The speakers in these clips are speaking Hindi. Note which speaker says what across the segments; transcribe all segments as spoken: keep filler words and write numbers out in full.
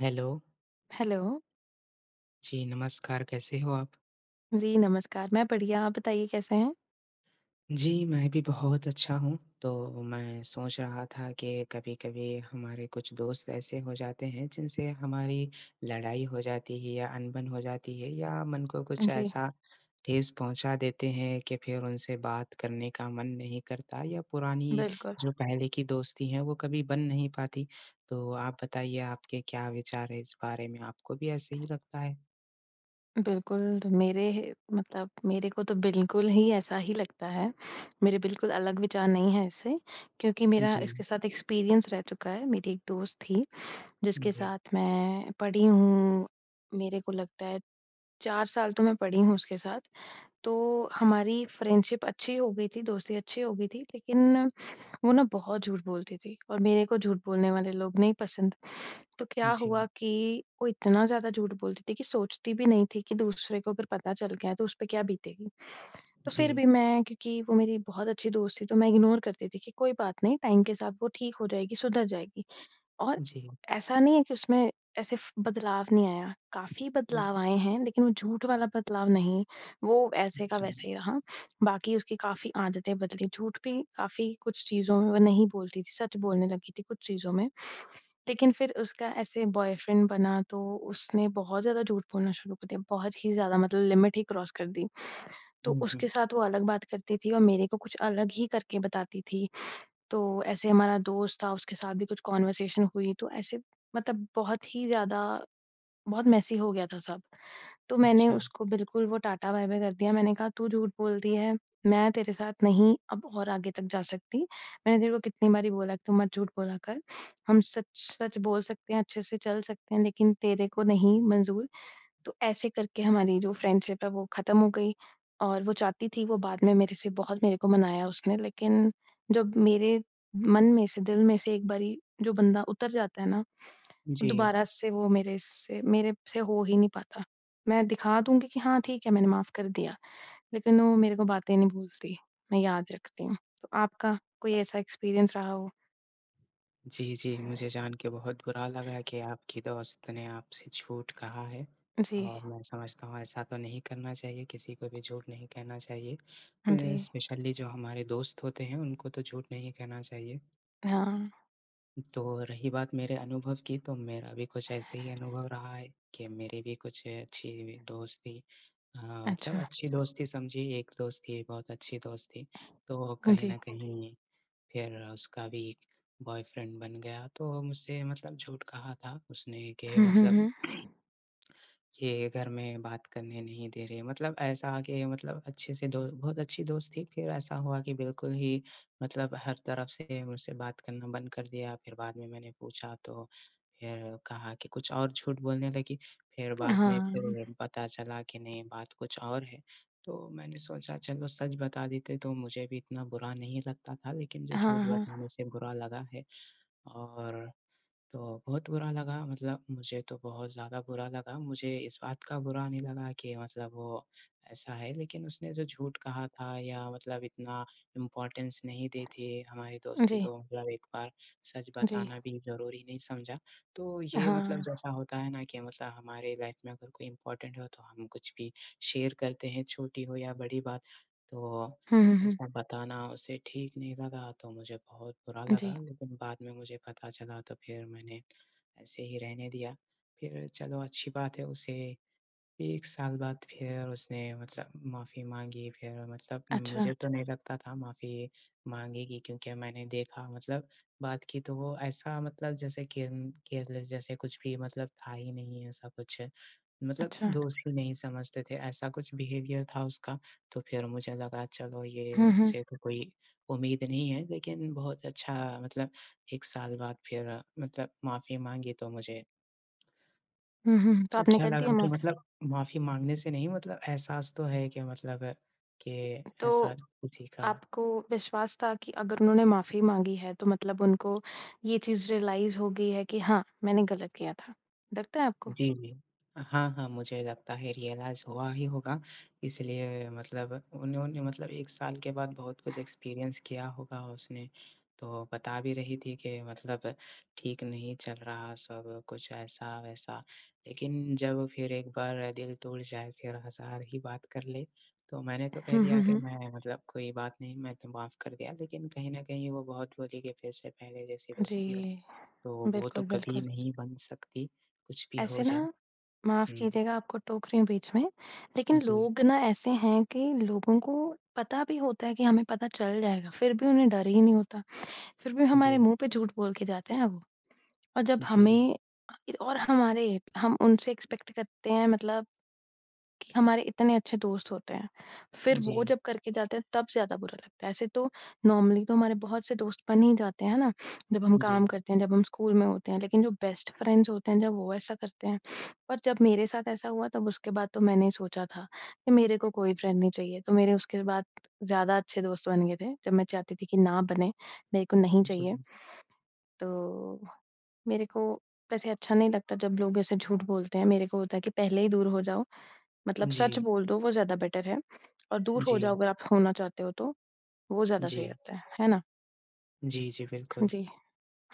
Speaker 1: हेलो।
Speaker 2: हेलो।
Speaker 1: जी, नमस्कार। कैसे हो आप?
Speaker 2: जी, नमस्कार। मैं बढ़िया, आप बताइए कैसे हैं?
Speaker 1: जी, मैं भी बहुत अच्छा हूँ, तो मैं सोच रहा था के कभी-कभी हमारे कुछ दोस्त ऐसे हो जाते हैं, जिनसे हमारी लड़ाई हो जाती है या अनबन हो जाती है या मन को कुछ
Speaker 2: जी।
Speaker 1: ऐसा ठेस पहुँचा देते हैं, कि फिर उनसे बात करने का मन नहीं करता या पुरानी
Speaker 2: बिल्कुल।
Speaker 1: जो पहले की दोस्ती है वो कभी बन नहीं पाती। तो आप बताइए आपके क्या विचार है इस बारे में? आपको भी ऐसे ही लगता है?
Speaker 2: बिल्कुल, मेरे मतलब मेरे को तो बिल्कुल ही ऐसा ही लगता है, मेरे बिल्कुल अलग विचार नहीं है इससे, क्योंकि मेरा इसके
Speaker 1: जी।
Speaker 2: साथ एक्सपीरियंस रह चुका है। मेरी एक दोस्त थी जिसके
Speaker 1: जी।
Speaker 2: साथ मैं पढ़ी हूँ, मेरे को लगता है चार साल तो मैं पढ़ी हूँ उसके साथ, तो हमारी फ्रेंडशिप अच्छी हो गई थी, दोस्ती अच्छी हो गई थी, लेकिन वो ना बहुत झूठ बोलती थी और मेरे को झूठ बोलने वाले लोग नहीं पसंद। तो क्या हुआ
Speaker 1: जी।
Speaker 2: कि वो इतना ज़्यादा झूठ बोलती थी कि सोचती भी नहीं थी कि दूसरे को अगर पता चल गया, तो उस पे क्या बीतेगी। तो फिर
Speaker 1: जी।
Speaker 2: भी मैं क्योंकि वो मेरी बहुत अच्छी दोस्त थी तो मैं इग्नोर करती थी कि कोई बात नहीं टाइम के साथ वो ठीक हो जाएगी, सुधर जाएगी और
Speaker 1: जी।
Speaker 2: ऐसा नहीं है कि उसमें ऐसे फ बदलाव नहीं आया, काफ़ी बदलाव
Speaker 1: हुँ।
Speaker 2: आए हैं, लेकिन वो झूठ वाला बदलाव नहीं, वो वैसे का वैसे ही रहा। बाकी उसकी काफ़ी आदतें बदली, झूठ भी काफ़ी कुछ चीज़ों में वो नहीं बोलती थी, सच बोलने लगी थी कुछ चीज़ों में, लेकिन फिर उसका ऐसे बॉयफ्रेंड बना, तो उसने बहुत ज़्यादा झूठ बोलना शुरू कर दिया, बहुत ही ज़्यादा मतलब लिमिट ही क्रॉस कर दी। तो
Speaker 1: हुँ, हुँ।
Speaker 2: उसके साथ वो अलग बात करती थी और मेरे को कुछ अलग ही करके बताती थी, तो ऐसे हमारा दोस्त था उसके साथ भी कुछ कॉन्वर्सेशन हुई तो ऐसे मतलब बहुत ही ज़्यादा, बहुत मेसी हो गया था सब। तो मैंने
Speaker 1: अच्छा।
Speaker 2: उसको बिल्कुल वो टाटा बाय बाय कर दिया। मैंने कहा, "तू झूठ बोलती है, मैं तेरे साथ नहीं अब और आगे तक जा सकती, मैंने तेरे को कितनी बार ही बोला कि तू मत झूठ बोला कर, हम सच सच बोल सकते हैं, अच्छे से चल सकते हैं, लेकिन तेरे को नहीं मंज़ूर।" तो ऐसे करके हमारी जो फ्रेंडशिप है, वो ख़त्म हो गई और वो चाहती थी वो बाद में मेरे से बहुत मेरे को मनाया उसने लेकिन जब मेरे मन में से, दिल में से एक बारी जो बंदा उतर जाता है ना,
Speaker 1: जी।
Speaker 2: दोबारा से वो मेरे से मेरे से हो ही नहीं पाता। मैं दिखा दूँगी कि हाँ, ठीक है, मैंने माफ़ कर दिया। लेकिन वो मेरे को बातें नहीं भूलती, मैं याद रखती हूँ, तो आपका कोई ऐसा एक्सपीरियंस रहा हो?
Speaker 1: जी, जी। मुझे जान के बहुत बुरा लगा कि आपकी दोस्त ने आपसे झूठ कहा है
Speaker 2: जी।
Speaker 1: और मैं समझता हूँ, ऐसा तो नहीं करना चाहिए किसी को भी झूठ नहीं कहना चाहिए।
Speaker 2: हाँ जी।
Speaker 1: अ, स्पेशली जो हमारे दोस्त होते हैं, उनको तो झूठ नहीं कहना चाहिए।
Speaker 2: हाँ।
Speaker 1: तो रही बात मेरे अनुभव की तो मेरा अभी कुछ ऐसे ही अनुभव रहा है कि मेरे भी कुछ अच्छी दोस्ती अ, मतलब
Speaker 2: अच्छा।
Speaker 1: अच्छी दोस्ती समझिए एक दोस्त थी बहुत अच्छी दोस्त थी, तो
Speaker 2: हुँ,
Speaker 1: कहीं
Speaker 2: जी।
Speaker 1: न कहीं फिर उसका भी एक बॉयफ्रेंड बन गया, तो वो मुझसे मतलब झूठ कहा था उसने के
Speaker 2: हुँ, हुँ,
Speaker 1: मतलब
Speaker 2: हुँ।
Speaker 1: के घर में बात करने नहीं दे रहे हैं, मतलब ऐसा आके मतलब अच्छे से दो बहुत अच्छी दोस्त थी, फिर ऐसा हुआ कि बिल्कुल ही मतलब हर तरफ़ से मुझसे बात करना बंद कर दिया, फिर बाद में मैंने पूछा तो फिर कहा कि कुछ और, झूठ बोलने लगी, फिर बाद में
Speaker 2: हाँ, हुँ।
Speaker 1: फिर पता चला कि नहीं, बात कुछ और है। तो मैंने सोचा चलो सच बता देते तो मुझे भी इतना बुरा नहीं लगता था लेकिन जो
Speaker 2: हाँ,
Speaker 1: झूठ बात
Speaker 2: हाँ।
Speaker 1: बोलने से बुरा लगा है। और तो बहुत बुरा लगा मतलब मुझे तो बहुत ज़्यादा बुरा लगा, मुझे इस बात का बुरा नहीं लगा कि मतलब वो ऐसा है, लेकिन उसने जो झूठ कहा था या मतलब इतना इम्पॉर्टेंस नहीं दी थी हमारी दोस्ती
Speaker 2: जी।
Speaker 1: को, मतलब एक बार सच
Speaker 2: जी।
Speaker 1: बताना भी ज़रूरी नहीं समझा। तो
Speaker 2: अ,
Speaker 1: ये मतलब
Speaker 2: हाँ।
Speaker 1: जैसा होता है ना कि मतलब हमारे लाइफ़ में अगर कोई इम्पॉर्टेंट हो तो हम कुछ भी शेयर करते हैं, छोटी हो या बड़ी बात, तो
Speaker 2: हुँ, हुँ, हुँ।
Speaker 1: ऐसा बताना उसे ठीक नहीं लगा, तो मुझे बहुत बुरा
Speaker 2: जी।
Speaker 1: लगा लेकिन बाद में मुझे पता चला तो फिर मैंने ऐसे ही रहने दिया। फिर चलो अच्छी बात है, उसे एक साल बाद फिर उसने मुझसे माफ़ी माँगी फिर मतलब
Speaker 2: अच्छा।
Speaker 1: मुझे तो नहीं लगता था माफ़ी माँगेगी क्योंकि मैंने देखा, मतलब बात की तो वो ऐसा मतलब जैसे केयर्न केयरलेस जैसे कुछ भी मतलब था ही नहीं ऐसा कुछ मतलब
Speaker 2: अच्छा।
Speaker 1: दोस्त भी नहीं समझते थे, ऐसा कुछ बिहेवियर था उसका, तो फिर मुझे लगा चलो ये,
Speaker 2: हुँ, हुँ।
Speaker 1: इनसे तो कोई उम्मीद नहीं है, लेकिन बहुत अच्छा, मतलब एक साल बाद फिर मतलब माफ़ी माँगी तो मुझे
Speaker 2: हुँ, हुँ, हुँ। तो आपने
Speaker 1: अच्छा
Speaker 2: कर दिया
Speaker 1: लगा कि
Speaker 2: माफ़?
Speaker 1: मतलब माफ़ी माँगने से नहीं मतलब एहसास तो है कि मतलब के ऐसा र
Speaker 2: तो
Speaker 1: किसी का।
Speaker 2: आपको विश्वास था कि अगर उन्होंने माफ़ी माँगी है, तो मतलब उनको ये चीज़ रियलाइज़ हो गई है कि हाँ, मैंने गलत किया था। लगता है आपको?
Speaker 1: जी, जी। अ, हाँ, हाँ, मुझे लगता है रियलाइज़ हुआ ही होगा, इसलिए मतलब उन्होंने मतलब एक साल के बाद बहुत कुछ एक्सपीरियंस किया होगा उसने, तो बता भी रही थी कि मतलब ठीक नहीं चल रहा सब, कुछ ऐसा-वैसा। लेकिन जब फिर एक बार दिल टूट जाए, फिर हज़ार ही बात कर ले, तो मैंने तो कह
Speaker 2: हुँ,
Speaker 1: दिया
Speaker 2: हुँ,
Speaker 1: कि,
Speaker 2: हुँ।
Speaker 1: "मैं मतलब कोई बात नहीं, मैं तो माफ़ कर दिया" लेकिन कहीं न कहीं वो बहुत बोली के फिर से पहले जैसी
Speaker 2: जी।
Speaker 1: दोस्ती हो, तो वो तो
Speaker 2: बिल्कुल,
Speaker 1: कभी
Speaker 2: बिल्कुल।
Speaker 1: नहीं बन सकती कुछ भी हो
Speaker 2: ऐसे
Speaker 1: जाए।
Speaker 2: ना, माफ़
Speaker 1: हुँ।
Speaker 2: कीजिएगा आपको टोक रही हूँ बीच में, लेकिन
Speaker 1: जी।
Speaker 2: लोग ना ऐसे हैं कि लोगों को पता भी होता है कि हमें पता चल जाएगा फिर भी उन्हें डर ही नहीं होता, फिर भी हमारे
Speaker 1: जी।
Speaker 2: मुँह पे झूठ बोल के जाते हैं वो और जब
Speaker 1: जी।
Speaker 2: हमें अ, इ और हमारे हम उनसे एक्सपेक्ट करते हैं मतलब कि हमारे इतने अच्छे दोस्त होते हैं, फिर वो
Speaker 1: जी।
Speaker 2: जब करके जाते हैं तब ज़्यादा बुरा लगता है, ऐसे तो नॉर्मली तो हमारे बहुत से दोस्त बन ही जाते हैं, है ना? जब हम काम
Speaker 1: जी।
Speaker 2: करते हैं, जब हम स्कूल में होते हैं, लेकिन जो बेस्ट फ्रेंड्स होते हैं जब वो ऐसा करते हैं और जब मेरे साथ ऐसा हुआ तब उसके बाद तो मैंने सोचा था कि मेरे को कोई फ्रेंड नहीं चाहिए। तो मेरे उसके बाद ज़्यादा अच्छे दोस्त बन गए थे। जब मैं चाहती थी कि ना बने, मेरे को नहीं चाहिए।
Speaker 1: जी।
Speaker 2: तो मेरे को वैसे अच्छा नहीं लगता जब लोग ऐसे झूठ बोलते हैं, मेरे को होता है कि पहले ही दूर हो जाओ, मतलब सच
Speaker 1: जी।
Speaker 2: बोल दो वो ज़्यादा बेटर है और दूर हो
Speaker 1: जी।
Speaker 2: जाओ अगर आप होना चाहते हो तो, वो ज़्यादा सही
Speaker 1: जी।
Speaker 2: रहता है, है ना?
Speaker 1: जी, जी,
Speaker 2: हाँ
Speaker 1: बिल्कुल।
Speaker 2: जी,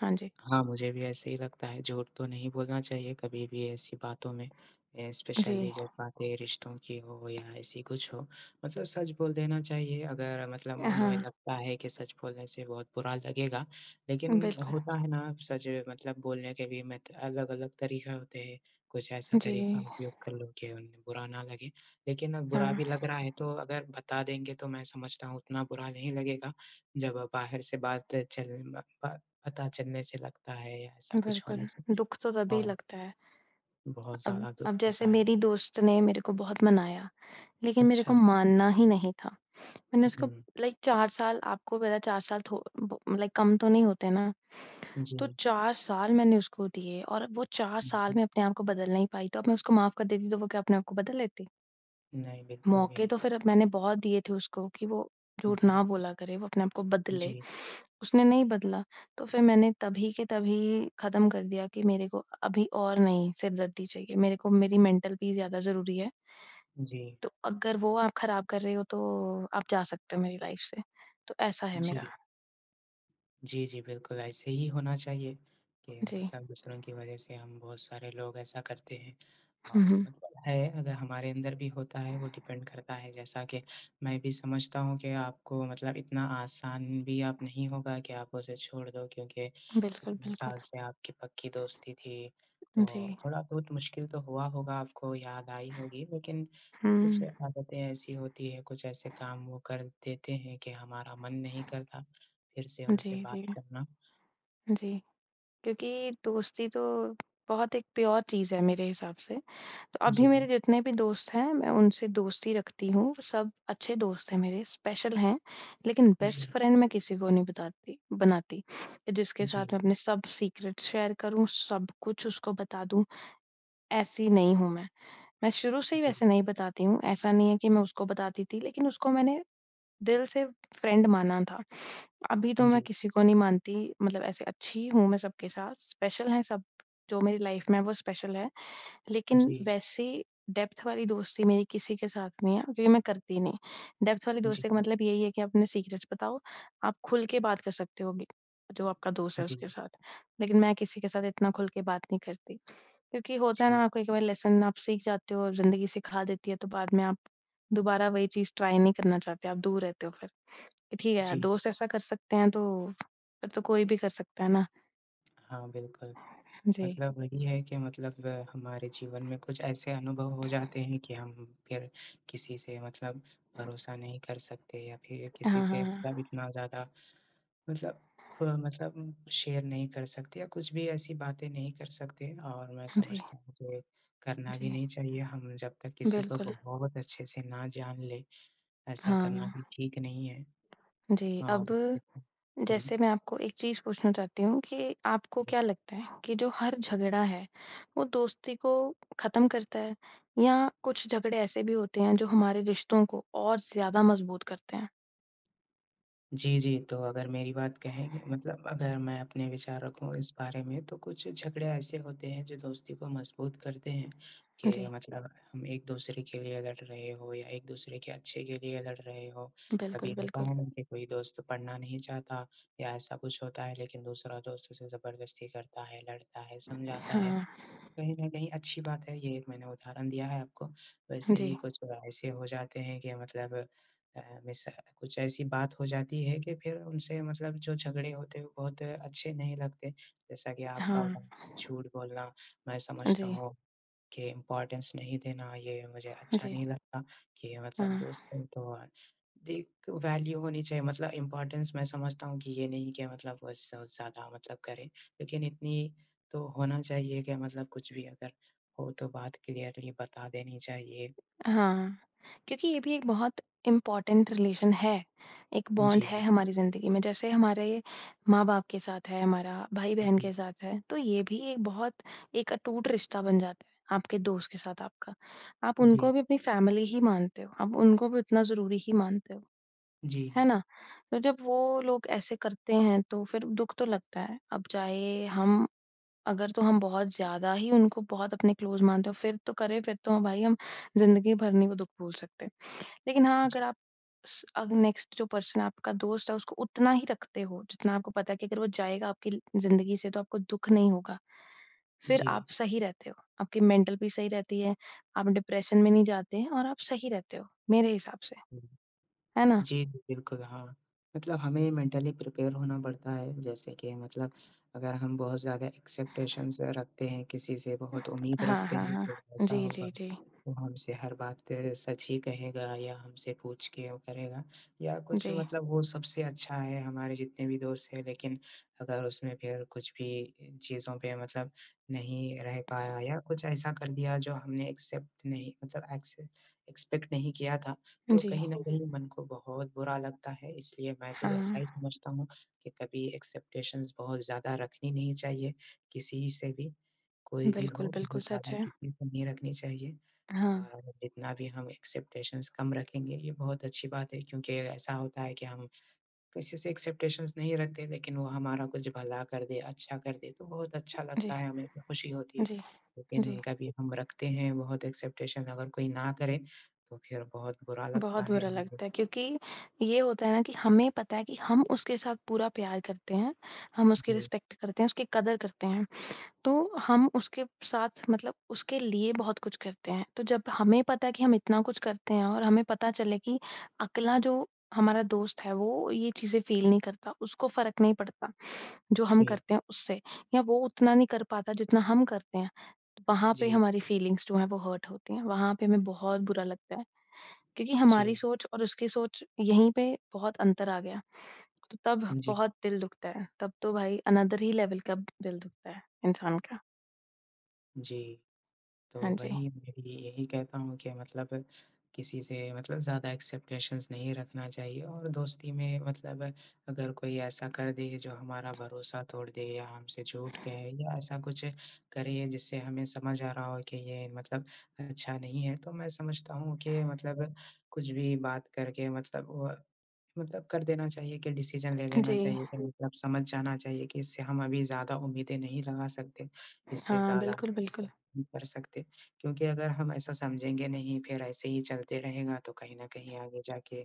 Speaker 2: हाँ जी।
Speaker 1: हाँ, मुझे भी ऐसे ही लगता है, झूठ तो नहीं बोलना चाहिए कभी भी ऐसी बातों में अ,
Speaker 2: जी।
Speaker 1: स्पेशली जब बातें रिश्तों की हो या ऐसी कुछ हो मतलब सच बोल देना चाहिए, अगर
Speaker 2: अ,
Speaker 1: मतलब उन्हें
Speaker 2: हाँ।
Speaker 1: लगता है कि सच बोलने से बहुत बुरा लगेगा, लेकिन
Speaker 2: बिल्कुल।
Speaker 1: होता है ना सच मतलब बोलने के भी मत अलग-अलग तरीक़ा होते हैं, कुछ ऐसा
Speaker 2: जी।
Speaker 1: तरीक़ा उपयोग कर लो कि उन्हें बुरा ना लगे, लेकिन अब बुरा
Speaker 2: हाँ।
Speaker 1: भी लग रहा है, तो अगर बता देंगे तो मैं समझता हूँ, उतना बुरा नहीं लगेगा, जब बाहर से बात चल ब ब पता चलने से लगता है या ऐसा कुछ
Speaker 2: बिल्कुल,
Speaker 1: होने से
Speaker 2: दुःख तो तभी
Speaker 1: हाँ।
Speaker 2: लगता है।
Speaker 1: बहुत
Speaker 2: अम,
Speaker 1: ज़्यादा दुःख
Speaker 2: अब जैसे
Speaker 1: होता है।
Speaker 2: मेरी दोस्त ने मेरे को बहुत मनाया, लेकिन मेरे को
Speaker 1: अच्छा।
Speaker 2: मानना ही नहीं था मैंने उसको
Speaker 1: हुँ।
Speaker 2: लाइक चार साल आपको पता है, चार साल थो ब लाइक कम तो नहीं होते ना,
Speaker 1: जी।
Speaker 2: तो चार साल मैंने उसको दिए और वो चार साल में अपने आप को बदल नहीं पाई, तो अब मैं उसको माफ़ कर देती तो वो क्या अपने आप को बदल लेती?
Speaker 1: नहीं, बिल्कुल भी
Speaker 2: मौके
Speaker 1: नहीं।
Speaker 2: तो फिर अब मैंने बहुत दिए थे उसको कि वो झूठ
Speaker 1: उहुँ।
Speaker 2: ना बोला करें, वो अपने आप को बदले,
Speaker 1: जी।
Speaker 2: उसने नहीं बदला। तो फिर मैंने तभी के तभी ख़त्म कर दिया कि मेरे को अभी और नहीं सिरदर्दी चाहिए, मेरे को मेरी मेंटल पीस ज़्यादा ज़रूरी है।
Speaker 1: जी।
Speaker 2: तो अगर वो आप खराब कर रहे हो तो आप जा सकते हो मेरी लाइफ़ से, तो ऐसा है मेरा।
Speaker 1: जी। जी, जी, बिल्कुल, ऐसे ही होना चाहिए कि
Speaker 2: जी।
Speaker 1: मतलब दूसरों की वजह से हम बहुत सारे लोग ऐसा करते हैं
Speaker 2: हुँ,
Speaker 1: और
Speaker 2: हुँ।
Speaker 1: मतलब है, अगर हमारे अंदर भी होता है, वो डिपेंड करता है। जैसा कि मैं भी समझता हूँ कि आपको मतलब इतना आसान भी आप नहीं होगा कि आप उसे छोड़ दो, क्योंकि
Speaker 2: बिल्कुल,
Speaker 1: इतने
Speaker 2: बिल्कुल।
Speaker 1: साल से आपकी पक्की दोस्ती थी,
Speaker 2: जी।
Speaker 1: तो थोड़ा-बहुत मुश्किल तो हुआ होगा, आपको याद आई होगी। लेकिन कुछ
Speaker 2: हुँ।
Speaker 1: आदतें ऐसी होती हैं, कुछ ऐसे काम वो कर देते हैं कि हमारा मन नहीं करता फिर से उनसे
Speaker 2: जी,
Speaker 1: बात
Speaker 2: जी।
Speaker 1: करना।
Speaker 2: जी, क्योंकि दोस्ती तो बहुत एक प्योर चीज़ है मेरे हिसाब से। तो अभी मेरे
Speaker 1: जी।
Speaker 2: जितने भी दोस्त हैं, मैं उनसे दोस्ती रखती हूँ। सब अच्छे दोस्त हैं मेरे, स्पेशल हैं, लेकिन
Speaker 1: जी।
Speaker 2: बेस्ट फ्रेंड मैं किसी को नहीं बताती बनाती, इ जिसके साथ
Speaker 1: जी।
Speaker 2: मैं अपने सब सीक्रेट शेयर करूँ, सब कुछ उसको बता दूँ, ऐसी नहीं हूँ मैं। मैं शुरू से ही
Speaker 1: जी।
Speaker 2: वैसे नहीं बताती हूँ, ऐसा नहीं है कि मैं उसको बताती थी, लेकिन उसको मैंने दिल से फ्रेंड माना था। अभी तो मैं
Speaker 1: जी।
Speaker 2: किसी को नहीं मानती, मतलब ऐसे अच्छी ही हूँ मैं सबके साथ, स्पेशल हैं सब, जो मेरी लाइफ़ में हैं, वो स्पेशल हैं। लेकिन
Speaker 1: जी।
Speaker 2: वैसी डेप्थ वाली दोस्ती मेरी किसी के साथ नहीं है, क्योंकि मैं करती नहीं। डेप्थ वाली
Speaker 1: जी।
Speaker 2: दोस्ती का मतलब यही है कि अपने सीक्रेट्स बताओ। आप खुल के बात कर सकते होंगे, जो आपका दोस्त है,
Speaker 1: जी।
Speaker 2: उसके साथ। लेकिन मैं किसी के साथ इतना खुल के बात नहीं करती, क्योंकि होता है
Speaker 1: जी।
Speaker 2: ना, कोई-कभार लेसन आप सीख जाते हो और ज़िंदगी सिखा देती है, तो बाद में आप दोबारा वही चीज़ ट्राई नहीं करना चाहते, आप दूर रहते हो फिर, कि ठीक है यार,
Speaker 1: जी।
Speaker 2: दोस्त ऐसा कर सकते हैं तो, फिर तो कोई भी कर सकता है ना।
Speaker 1: हाँ, बिल्कुल।
Speaker 2: जी।
Speaker 1: मतलब वही है कि मतलब हमारे जीवन में कुछ ऐसे अनुभव हो जाते हैं कि, हम फिर किसी से मतलब भरोसा नहीं कर सकते या फिर
Speaker 2: अ,
Speaker 1: किसी
Speaker 2: हाँ,
Speaker 1: से
Speaker 2: हाँ, हाँ।
Speaker 1: मतलब इतना ज़्यादा मतलब ख़ु मतलब शेयर नहीं कर सकते या कुछ भी ऐसी बातें नहीं कर सकते और मैं
Speaker 2: जी।
Speaker 1: समझता हूँ कि, करना भी
Speaker 2: जी।
Speaker 1: नहीं चाहिए हम जब तक किसी को
Speaker 2: बिल्कुल।
Speaker 1: बहुत अच्छे से ना जान लें, ऐसा करना भी
Speaker 2: हाँ।
Speaker 1: ठीक नहीं है।
Speaker 2: जी,
Speaker 1: हाँ,
Speaker 2: अब
Speaker 1: बिल्कुल।
Speaker 2: जैसे
Speaker 1: हुँ।
Speaker 2: मैं आपको एक चीज़ पूछना चाहती हूँ कि, आपको
Speaker 1: बि
Speaker 2: क्या लगता है कि जो हर झगड़ा है, वो दोस्ती को ख़त्म करता है या कुछ झगड़े ऐसे भी होते हैं जो हमारे रिश्तों को और ज़्यादा मज़बूत करते हैं?
Speaker 1: जी, जी। तो अगर मेरी बात कहेंगे मतलब अगर मैं अपने विचार रखूँ इस बारे में तो कुछ झगड़े ऐसे होते हैं, जो दोस्ती को मज़बूत करते हैं
Speaker 2: जी।
Speaker 1: के मतलब हम एक-दूसरे के लिए लड़ रहे हो या एक-दूसरे के अच्छे के लिए लड़ रहे हो। कभी
Speaker 2: बिल्कुल,
Speaker 1: होता
Speaker 2: बिल्कुल।
Speaker 1: है ना कि कोई दोस्त पढ़ना नहीं चाहता या ऐसा कुछ होता है लेकिन दूसरा दोस्त उसे ज़बरदस्ती करता है, लड़ता है, समझाता है,
Speaker 2: हाँ।
Speaker 1: कहीं न कहीं अच्छी बात है ये एक मैंने उदाहरण दिया है आपको। वैसे ही
Speaker 2: जी।
Speaker 1: कुछ [unintelligible] ऐसे हो जाते हैं कि मतलब अ, मिस कुछ ऐसी बात हो जाती है कि फिर उनसे मतलब जो झगड़े होते हैं, वो बहुत अच्छे नहीं लगते, जैसा कि आपका
Speaker 2: हाँ।
Speaker 1: उदाहरण, झूठ बोलना। मैं
Speaker 2: अ,
Speaker 1: समझता
Speaker 2: जी।
Speaker 1: हूँ के इम्पॉर्टेंस नहीं देना, ये मुझे अच्छा
Speaker 2: जी।
Speaker 1: नहीं लगता कि मतलब
Speaker 2: हाँ।
Speaker 1: दोस्त हों तो, एक वैल्यू होनी चाहिए मतलब इम्पॉर्टेंस मैं समझता हूँ कि ये नहीं कि मतलब वोस ज़्यादा मतलब करें। लेकिन इतनी तो होना चाहिए कि मतलब कुछ भी अगर हो, तो बात क्लियरली बता देनी चाहिए।
Speaker 2: अ, हाँ। क्योंकि ये भी एक बहुत इम्पोर्टेंट रिलेशन है, एक बॉन्ड
Speaker 1: जी।
Speaker 2: है हमारी ज़िंदगी में। जैसे हमारे माँ-बाप के साथ है, हमारा भाई-बहन
Speaker 1: जी।
Speaker 2: के साथ है, तो ये भी एक बहुत एक अटूट रिश्ता बन जाता है, आपके दोस्त के साथ आपका। आप उनको
Speaker 1: जी।
Speaker 2: भी अपनी फैमिली ही मानते हो, आप उनको भी उतना ज़रूरी ही मानते हो। है
Speaker 1: जी।
Speaker 2: ना? तो जब वो लोग ऐसे करते हैं तो फिर दुःख तो लगता है, अब चाहे हम अगर तो हम बहुत ज़्यादा ही उनको बहुत अपने क्लोज़ मानते हैं और फिर तो करे, फिर तो भाई हम ज़िंदगी भर नहीं वो दुःख भूल सकते। लेकिन हाँ,
Speaker 1: जी।
Speaker 2: अगर आप स अग नेक्स्ट जो पर्सन आपका दोस्त है उसको उतना ही रखते हो, जितना आपको पता है कि अगर वो जाएगा आपकी ल ज़िंदगी से तो आपको दुःख नहीं होगा, फिर
Speaker 1: जी।
Speaker 2: आप सही रहते हो। आपकी मेंटल पी सही रहती है, आप डिप्रेशन में नहीं जाते हैं और आप सही रहते हो, मेरे हिसाब से।
Speaker 1: हुँ।
Speaker 2: है ना?
Speaker 1: जी, जी, बिल्कुल हाँ, मतलब हमें मेंटली प्रिपेयर होना पड़ता है। जैसे कि मतलब अगर हम बहुत ज़्यादा एक्सेप्टेशंस रखते हैं किसी से बहुत उम्मीद
Speaker 2: हाँ,
Speaker 1: रखते
Speaker 2: हाँ,
Speaker 1: हैं कि जो
Speaker 2: हाँ।
Speaker 1: ऐसा
Speaker 2: जी,
Speaker 1: होगा,
Speaker 2: जी, जी।
Speaker 1: वो हमसे हर बात सच ही कहेगा या हमसे पूछ के वो करेगा या कुछ
Speaker 2: जी।
Speaker 1: मतलब वो सबसे अच्छा है हमारे जितने भी दोस्त हैं लेकिन अगर उसमें फिर कुछ भी चीज़ों पे मतलब नहीं रह पाया या कुछ ऐसा कर दिया, जो हमने एक्सेप्ट नहीं मतलब एक्से एक्सपेक्ट नहीं किया था, तो
Speaker 2: जी।
Speaker 1: कहीं न कहीं मन को बहुत बुरा लगता है इसलिए मैं तो ऐसा
Speaker 2: हाँ।
Speaker 1: ही समझता हूँ कि कभी एक्सेप्टेशंस बहुत ज़्यादा रखनी नहीं चाहिए किसी से भी। कोई भी
Speaker 2: बिल्कुल,
Speaker 1: हो
Speaker 2: बिल्कुल
Speaker 1: बहुत
Speaker 2: सच
Speaker 1: ज़्यादा
Speaker 2: है।
Speaker 1: किसी से नहीं रखनी चाहिए,
Speaker 2: हाँ।
Speaker 1: और हम जितना भी हम एक्सेप्टेशंस कम रखेंगे ये बहुत अच्छी बात है क्योंकि ऐसा होता है कि, हम किसी से एक्सेप्टेशंस नहीं रखते लेकिन वो हमारा कुछ भला कर दे, अच्छा कर दे तो बहुत अच्छा
Speaker 2: जी।
Speaker 1: लगता है, हमें तो खुशी होती है।
Speaker 2: जी।
Speaker 1: लेकिन
Speaker 2: जी।
Speaker 1: उनका भी हम रखते हैं बहुत एक्सेप्टेशंस अगर कोई ना करे, तो फिर बहुत बुरा लगता
Speaker 2: बहुत
Speaker 1: है
Speaker 2: बुरा
Speaker 1: हमको।
Speaker 2: लगता है क्योंकि ये होता है ना कि हमें पता है कि हम उसके साथ पूरा प्यार करते हैं, हम उसकी
Speaker 1: जी।
Speaker 2: रिस्पेक्ट करते हैं, उसकी कदर करते हैं, तो हम उसके साथ मतलब उसके लिए बहुत कुछ करते हैं। तो जब हमें पता है कि हम इतना कुछ करते हैं और हमें पता चले कि अगला जो हमारा दोस्त है वो ये चीज़ें फ़ील नहीं करता, उसको फ़र्क नहीं पड़ता, जो हम
Speaker 1: जी।
Speaker 2: करते हैं उससे, या वो उतना नहीं कर पाता जितना हम करते हैं। वहाँ पे
Speaker 1: जी।
Speaker 2: हमारी फीलिंग्स जो हैं वो हर्ट होती हैं, वहाँ पे हमें बहुत बुरा लगता है, क्योंकि हमारी
Speaker 1: जी।
Speaker 2: सोच और उसकी सोच यहीं पे बहुत अंतर आ गया, तो तब
Speaker 1: जी।
Speaker 2: बहुत दिल दुखता है। तब तो भाई अनअदर ही लेवल का दिल दुखता है इंसान का।
Speaker 1: जी। तो
Speaker 2: हाँ जी।
Speaker 1: वही मैं भी यही कहता हूँ कि मतलब किसी से मतलब ज़्यादा एक्सेप्टेशन्स नहीं रखना चाहिए और दोस्ती में मतलब अगर कोई ऐसा कर दे जो हमारा भरोसा तोड़ दे या हमसे झूठ कहे या ऐसा कुछ करे जिससे हमें समझ आ रहा हो कि ये मतलब अच्छा नहीं है तो मैं समझता हूँ कि मतलब कुछ भी बात करके मतलब अ, मतलब कर देना चाहिए कि डिसीज़न ले लेना
Speaker 2: जी।
Speaker 1: चाहिए कि मतलब समझ जाना चाहिए कि इससे हम अभी ज़्यादा उम्मीदें नहीं लगा सकते इससे
Speaker 2: हाँ,
Speaker 1: ज़्यादा
Speaker 2: बिल्कुल बिल्कुल।
Speaker 1: नहीं कर सकते, क्योंकि अगर हम ऐसा समझेंगे नहीं फिर ऐसे ही चलते रहेगा, तो कहीं न कहीं आगे जाके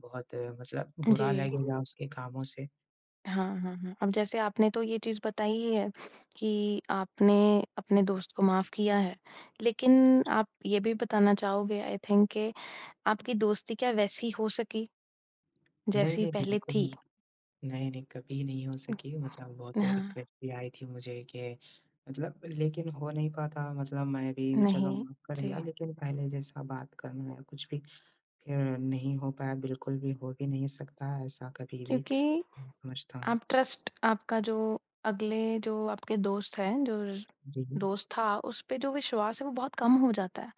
Speaker 1: बहुत मतलब बुरा
Speaker 2: जी।
Speaker 1: लगेगा उसके कामों से।
Speaker 2: हाँ, हाँ, हाँ। अब जैसे आपने तो ये चीज़ बताई ही है कि आपने अपने दोस्त को माफ़ किया है। लेकिन आप ये भी बताना चाहोगे आई थिंक कि आपकी दोस्ती क्या वैसी हो सकी?
Speaker 1: नहीं,
Speaker 2: जैसी
Speaker 1: नहीं
Speaker 2: पहले
Speaker 1: बिल्कुल भी।
Speaker 2: थी।
Speaker 1: नहीं, नहीं कभी नहीं हो सके मतलब
Speaker 2: उम,
Speaker 1: बहुत
Speaker 2: हाँ।
Speaker 1: रिक्वेस्ट भी आई थी मुझे कि मतलब लेकिन हो नहीं पाता मतलब मैं भी चलो
Speaker 2: नहीं।
Speaker 1: माफ़ कर
Speaker 2: जी।
Speaker 1: दिया लेकिन पहले जैसा बात करना है कुछ भी। अ, नहीं होता है बिल्कुल भी हो भी नहीं सकता ऐसा कभी भी।
Speaker 2: क्योंकि
Speaker 1: मझता हुँ।
Speaker 2: आप ट्रस्ट आपका जो अगले जो आपके दोस्त हैं जो
Speaker 1: जी, जी।
Speaker 2: दोस्त था उस पे जो विश्वास है वो बहुत कम हो जाता है।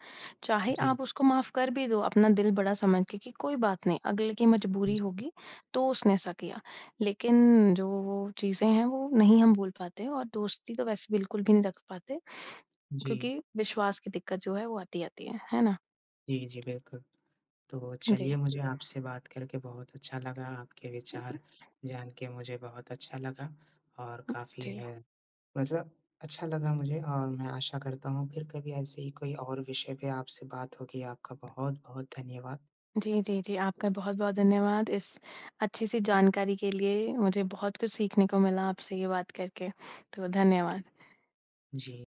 Speaker 2: चाहे
Speaker 1: जी।
Speaker 2: आप उसको माफ़ कर भी दो, अपना दिल बड़ा समझ के कि कोई बात नहीं अगले की मजबूरी
Speaker 1: जी।
Speaker 2: होगी, तो उसने ऐसा किया। लेकिन जो वो चीज़ें हैं, वो नहीं हम भूल पाते और दोस्ती तो वैसे बिल्कुल भी नहीं रख पाते
Speaker 1: जी।
Speaker 2: क्योंकि विश्वास की दिक्कत जो है वो आती-आती है। है ना?
Speaker 1: जी, जी बिल्कुल। तो
Speaker 2: जी।
Speaker 1: चलिए मुझे आपसे बात करके बहुत अच्छा लगा। आपके
Speaker 2: हुँ,
Speaker 1: विचार
Speaker 2: हुँ।
Speaker 1: जान के मुझे बहुत अच्छा लगा और
Speaker 2: हुँ,
Speaker 1: काफ़ी
Speaker 2: जी।
Speaker 1: है। बस अच्छा लगा मुझे और मैं आशा करता हूँ फिर कभी ऐसे ही कोई और विषय पे आपसे बात होगी। आपका बहुत-बहुत धन्यवाद।
Speaker 2: जी, जी, जी। आपका बहुत-बहुत धन्यवाद इस अच्छी-सी जानकारी के लिए। मुझे बहुत कुछ सीखने को मिला आपसे ये बात करके। तो धन्यवाद।
Speaker 1: जी।